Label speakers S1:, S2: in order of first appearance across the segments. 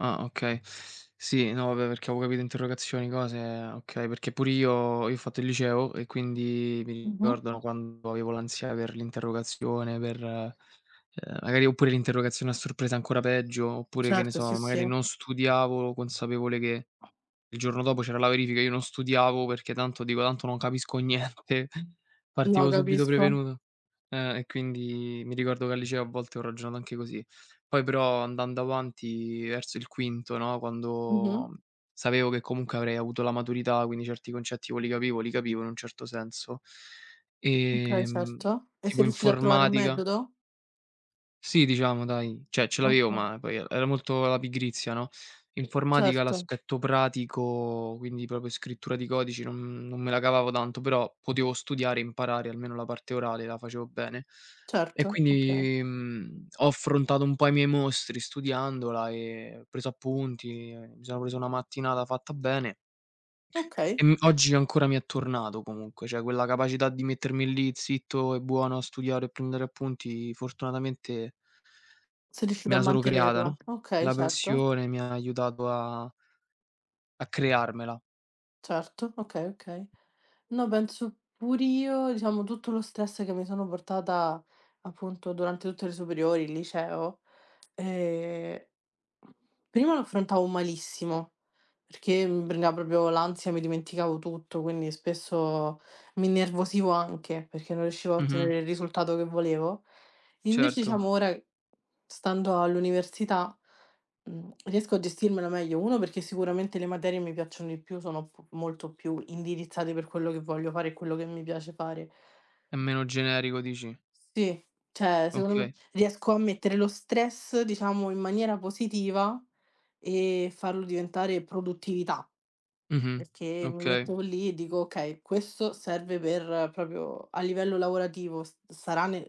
S1: Ah, okay. Sì, no vabbè perché avevo interrogazioni, cose okay, perché pure io io ho fatto il liceo e quindi mi
S2: Mh-mh.
S1: ricordano quando avevo l'ansia per l'interrogazione per uhm, magari oppure l'interrogazione a sorpresa, ancora peggio, oppure che ne
S2: Certo,
S1: so,
S2: sì,
S1: magari
S2: sì.
S1: non studiavo, consapevole che il giorno dopo c'era la verifica, io non studiavo perché tanto dico: "Tanto non capisco niente."
S2: No,
S1: Partivo subito
S2: capisco.
S1: prevenuto. Eh, e quindi mi ricordo che al liceo a volte ho ragionato anche così. Poi però andando avanti verso il quinto, no,
S2: Mh-mh.
S1: quando sapevo che comunque avrei avuto la maturità, quindi certi concetti poi li capivo li capivo in un certo senso.
S2: Okay,
S1: Ehm,
S2: certo. E
S1: tipo
S2: sei riuscito a trovare un
S1: informatica
S2: metodo?
S1: Sì, diciamo dai, cioè ce l'avevo,
S2: Okay.
S1: ma poi e era molto la pigrizia, no. Informatica
S2: Certo.
S1: l'aspetto pratico, quindi proprio scrittura di codici, non non me la cavavo tanto, però potevo studiare e imparare, almeno la parte orale la facevo bene. E
S2: Certo. Okay.
S1: quindi, mhmm, ho affrontato un po' i miei mostri studiandola e preso appunti e, mi sono preso una mattinata fatta bene.
S2: Okay.
S1: Ehm, oggi ancora mi è tornato comunque, cioè quella capacità di mettermi lì zitto e buono a studiare, prendere appunti, fortunatamente
S2: Sei riuscito
S1: me
S2: a
S1: la sono creata,
S2: mantenerla,
S1: no,
S2: okay,
S1: la
S2: certo.
S1: passione mi ha aiutato a a crearmela.
S2: Certo, okay, okay. No, penso pur'io, diciamo, tutto lo stress che mi sono portata, appunto, durante tutte le superiori, il liceo, ehm, prima lo affrontavo malissimo, perché mi prendeva proprio l'ansia, mi dimenticavo tutto, quindi spesso mi innervosivo anche, perché non riuscivo a
S1: Mh-mh.
S2: ottenere il risultato che volevo. Invece
S1: Certo.
S2: diciamo ora, stando all'università, mhmm, riesco a gestirmela meglio. 1 perché sicuramente le materie mi piacciono di più, sono p molto più indirizzate per quello che voglio fare e quello che mi piace fare.
S1: È meno generico, dici?
S2: Sì. Cioè secondo m
S1: Okay.
S2: riesco a mettere lo stress, diciamo, in maniera positiva e farlo diventare produttività.
S1: Mh-mh,
S2: Perché mi
S1: okay.
S2: metto lì e dico: "Okay, questo serve per proprio a livello lavorativo, s sarà nel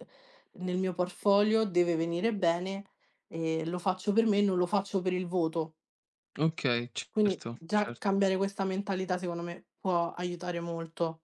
S2: nel mio portfolio, deve venire bene, e lo faccio per me e non lo faccio per il voto."
S1: Okay,
S2: Quindi
S1: certo,
S2: già
S1: cer
S2: cambiare questa mentalità, secondo me, può aiutare molto.